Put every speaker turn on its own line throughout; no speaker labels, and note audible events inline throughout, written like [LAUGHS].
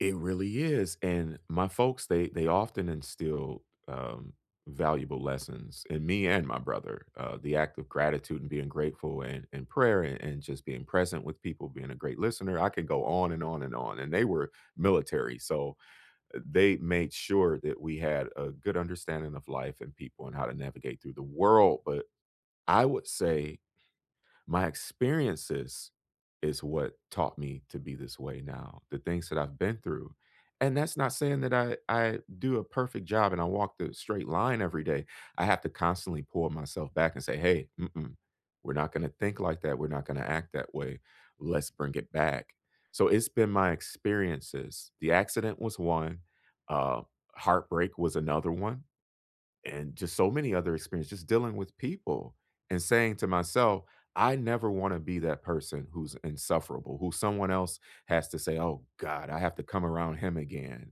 It really is, and my folks, they they often instill, um, valuable lessons in me and my brother, uh, the act of gratitude, and being grateful, and and prayer, a and just being present with people, being a great listener. I can go on and on and on, and they were military, so, uh, they made sure that we had a good understanding of life, and people, and how to navigate through the world, but I would say my experiences is what taught me to be this way now, the things that I've been through, and that's not saying that I I do a perfect job, and I walk the straight line every day, I have to constantly pull myself back, and say, "Hey, mm-mm, we're not gonna think like that, we're not gonna act that way, let's bring it back," so it's been my experiences. The accident was one, um, heartbreak was another one, and just so many other experiences, just dealing with people, and saying to myself, "I never wanna be that person who's insufferable, who someone else has to say, "Oh god, I have to come around him again."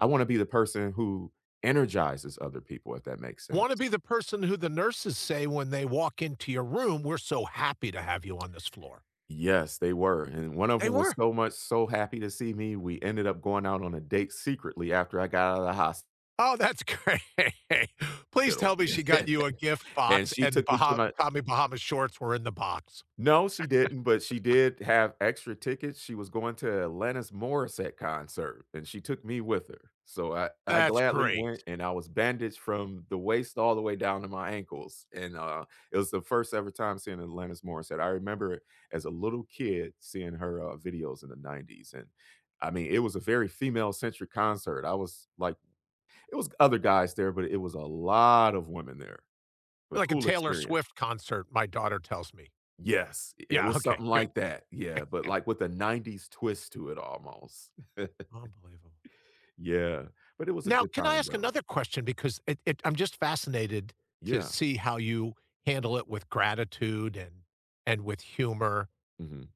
I wanna be the person who energizes other people, if that makes
Wanna
sense.
be the person who the nurses say when they walk into your room, "We're so happy to have you on this floor."
Yes, they were, and and one of
They
'em was
were.
so much, so happy to see me, we ended up going out on a date secretly after I got out of the hos
Oh, that's great. Please tell
spital,
me she got you a
[LAUGHS]
gift
and
box,
she
and
took me to
Baha
my
Tommy Bahamas shorts were in the box.
No, she didn't, but she
[LAUGHS]
did have extra tickets, she was going to Alanis Morissette concert, and she took me with her, so I I
That's
gladly went,
great.
and I was bandaged from the waist all the way down to my ankles, and, uh, it was the first ever time seeing Alanis Morissette, I remember it as a little kid, seeing her, uh, videos in the ‘90s, and I mean, it was a very female-centric concert, I was like it was other guys there, but it was a lot of women there, but
Like a
cool
Taylor
experience.
Swift concert, my daughter tells me.
Yes, i it
Yeah,
was
okay,
something
good.
like that, yeah, but,
[CHUCKLES]
like, with a ‘90s twist to it almost. [CHUCKLES]
Unbelievable.
Yeah, but it was a
Now,
good
can I
time,
ask
though.
another question, because it it I'm just fascinated to
Yeah.
see how you handle it with gratitude and and with humor.
Mhm.